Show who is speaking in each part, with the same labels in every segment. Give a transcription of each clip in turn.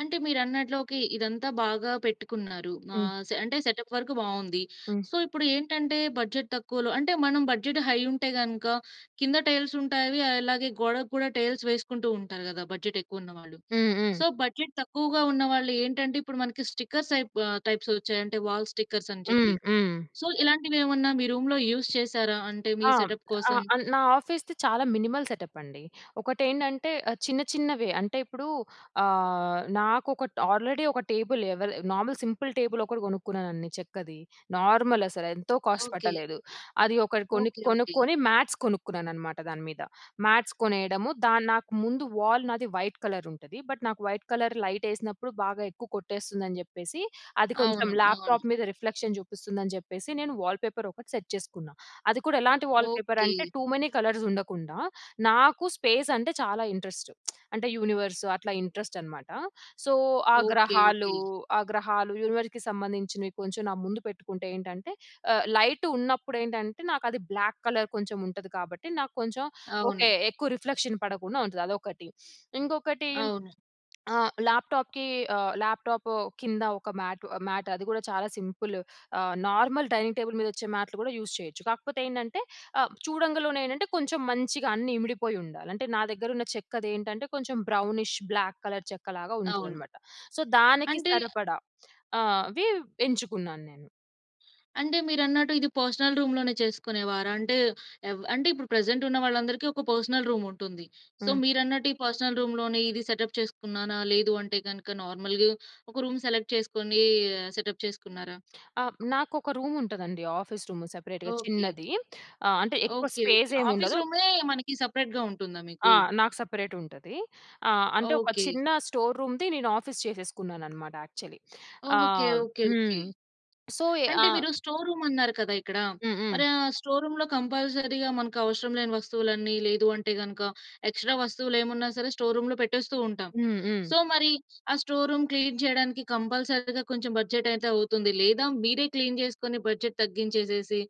Speaker 1: అంటే మీరన్నట్లోకి ఇదంతా బాగా పెట్టుకున్నారు,
Speaker 2: హ్మ్.
Speaker 1: ఆహ్, సే అంటే సెటప్ వర్‌కు బావుంది.
Speaker 2: హ్మ్.
Speaker 1: సో, ఇప్పుడేంటంటే బడ్జెట్ తక్కువలో అంటే మనం బడ్జెట్ హై ఉంటే గనుక కింద టైల్సుంటాయి అవి అలాగే గోడకి కూడా టైల్స్ వేసుకుంటూంటారు కదా! బడ్జెట్ ఎక్కువున్నవాళ్ళు.
Speaker 2: హ్మ్. హ్మ్.
Speaker 1: సో, బడ్జెట్ తక్కువగా ఉన్నవాళ్ళేంటంటే ఇప్పుడు మనకి స్టిక్కర్స్ అయిపు ఆ టైప్సోచ్చాయి అంటే వాల్ స్టిక్కర్స్ అని చెప్పి.
Speaker 2: హ్మ్. హ్మ్.
Speaker 1: సో, ఇలాంటివేమన్నా మీ రూమ్‌లో యూజ్ చేసారా? అంటే మీ
Speaker 2: ఆ!
Speaker 1: సెటప్
Speaker 2: ఆ
Speaker 1: కోసం?
Speaker 2: ఆన్ నా ఆఫీస్‌ది చాలా మినిమల్ సెటపండి. ఒకటెంటంటే ఆహ్, చిన్న చిన్న‌వే అంటే ఇప్పుడు ఆహ్, నాకు ఒకట్ ఆల్రెడీ ఒక టేబుల్ ఎవెల్ నార్మల్ సింపుల్ టేబుల్ ఒకటి కొనుక్కున్నానండి చెక్కది, నార్మల్ అసలేంతో కాస్ట్
Speaker 1: ఓకే.
Speaker 2: పట్టలేదు. అది ఒకటి కొన్ని
Speaker 1: ఓకే. ఓకే.
Speaker 2: కొనుక్కొని మాట్స్ కొనుక్కున్నానన్నమాట దాని మీద, మాట్స్ కొనేయడము దన్ నాకు ముందు వాల్ నాది వైట్ కలరుంటది. బట్ నాకు వైట్ కలర్ లైటెసినప్పుడు బాగా ఎక్కువ కొట్టేస్తుందని చెప్పేసి అది కొంచెం
Speaker 1: అవును. అవును.
Speaker 2: ల్యాప్టాప్ మీద రిఫ్లెక్షన్ చూపిస్తుంది అని జెప్పేసి నేను వాల్పేపర్ ఒకటి సెట్ చేసుకున్నా. అది కూడా ఎలాంటి
Speaker 1: ఓకే.
Speaker 2: వాల్పేపరంటే టూ మెనీ కలర్సుండకుండా నాకు స్పేస్ అంటే చాలా ఇంట్రెస్టు అంటే యూనివర్స్ అట్లా ఇంట్రెస్ట్ అన్నమాట. సో, ఆ
Speaker 1: ఓకే.
Speaker 2: గ్రహాలు,
Speaker 1: ఓకే.
Speaker 2: ఆ గ్రహాలు యూనివర్స్‌కి సంబంధించినవి కొంచెం నా ముందు పెట్టుకుంటేంటంటే ఆ లైట్ ఉన్నప్పుడేంటంటే నాకు అది బ్లాక్ కలర్ కొంచెం ఉంటది కాబట్టి, నాకు కొంచెం ఓకే
Speaker 1: అవును.
Speaker 2: ఎక్కువ రిఫ్లెక్షన్ పడకుండా ఉంటది అదొకటి. ఇంకొకటి
Speaker 1: అవును.
Speaker 2: ఆ ల్యాప్టాప్‌కి ఆ ల్యాప్టాపు కింద ఒక మ్యాటు ఆ మ్యాట్ అది కూడా చాలా సింపులు ఆహ్, నార్మల్ డైనింగ్ టేబుల్ మీద వచ్చే మ్యాట్లు కూడా యూజ్ చేయొచ్చు. కాకపోతే ఏంటంటే, ఆ చూడంగలోనే ఏంటంటే కొంచెం మంచిగా అన్నీ ఇమిడిపోయి ఉండాలి అంటే నా దగ్గర ఉన్న చెక్కదేంటంటే కొంచెం బ్రౌనిష్, బ్లాక్ కలర్ చెక్క లాగా
Speaker 1: అవును.
Speaker 2: ఉంటుందనమాట. సో, దానికి
Speaker 1: అంటే
Speaker 2: సరిపడా అవి ఎంచుకున్నాను నేను.
Speaker 1: అంటే మీరన్నట్టు ఇది పర్సనల్ రూమ్‌లోనే చేసుకునేవారంటే ఏవ అంటే ఇప్పుడు ప్రెజెంటున్న వాళ్ళందరికి ఒక పర్సనల్ రూముంటుంది. సో,
Speaker 2: హ్మ్.
Speaker 1: మీరు అన్నట్టు ఈ పర్సనల్ రూమ్‌లోని ఇది సెటప్ చేసుకున్నాన లేదు అంటే గనుక నార్మల్‌గా ఒక రూమ్ సెలెక్ట్ చేసుకొనీ సెటప్ చేసుకున్నారా?
Speaker 2: ఆ! నాకొక రూమ్ ఉంటదండి. ఆఫీస్ రూము సెపరేట్‌గా
Speaker 1: ఓకే.
Speaker 2: చిన్నది. ఆ! అంటే ఎక్కువ
Speaker 1: ఓకే. ఓకే.
Speaker 2: స్పేస్
Speaker 1: ఆఫీస్
Speaker 2: ఏమేండదు.
Speaker 1: రూ‌మే మనకి సెపరేట్‌గా ఉంటుందా మీకు?
Speaker 2: ఆ! నాకు సెపరేటుంటది. ఆ! అంటే ఒక
Speaker 1: ఓకే.
Speaker 2: చిన్న స్టోర్ రూమ్‌ది నేను ఆఫీస్ చేసేసుకున్నానన్నమాట యాక్చువ‌లి,
Speaker 1: ఓకే.
Speaker 2: ఆహ్
Speaker 1: ఓకే. ఓకే.
Speaker 2: హ్మ్. సో‌యి ఆ!
Speaker 1: అంటే మీరు స్టోర్ రూమ్ అన్నారు కదా! ఇక్కడ.
Speaker 2: హ్మ్. హ్మ్.
Speaker 1: మరి ఆహ్, స్టోర్ రూమ్‌లో కంపల్సరీగా మనకవసరం లేని వస్తువులన్నీ లేదు అంటే గనుక ఎక్స్ట్రా వస్తువులేమున్నా సరే స్టోర్ రూమ్‌లో పెట్టేస్తూ ఉంటాం.
Speaker 2: హ్మ్. హ్మ్.
Speaker 1: సో, మరి ఆ స్టోర్ రూమ్ క్లీన్ చేయడానికి కంపల్సరీగా కొంచెం బడ్జెటైతే అవుతుంది. లేదా మీరే క్లీన్ చేసుకొని బడ్జెట్ తగ్గించేసేసి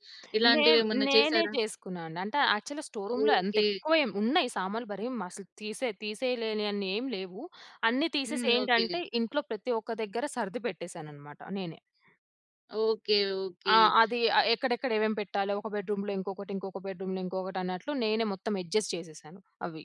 Speaker 2: నేన్
Speaker 1: ఇలాంటివేమన్నా
Speaker 2: నేనే
Speaker 1: చేశారా?
Speaker 2: చేసుకున్నానండి. అంటే యాక్చువల్‌గా స్టోర్ రూమ్‌లో అంత
Speaker 1: ఓకే.
Speaker 2: ఎక్కువేం ఉన్నాయి, సామాన్లు మరి మస్సలు తిసే తీసేయలేనియన్ని ఏమి లేవు. అన్ని తీసేసి
Speaker 1: హ్మ్. ఓకే.
Speaker 2: ఏంటంటే ఇంట్లో ప్రతి ఒక్క దగ్గర సర్ది పెట్టేసానన్నమాట నేనే.
Speaker 1: ఓకే. ఓకే.
Speaker 2: ఆ! అది ఆ ఎక్కడెక్కడ ఏమేమి పెట్టాలో ఒక బెడ్రూమ్‌లో, ఇంకొకటి ఇంకొక బెడ్రూమ్‌లో, ఇంకొకటి అన్నట్లు నేనే మొత్తం అడ్జస్ట్ చేసేసాను అవి.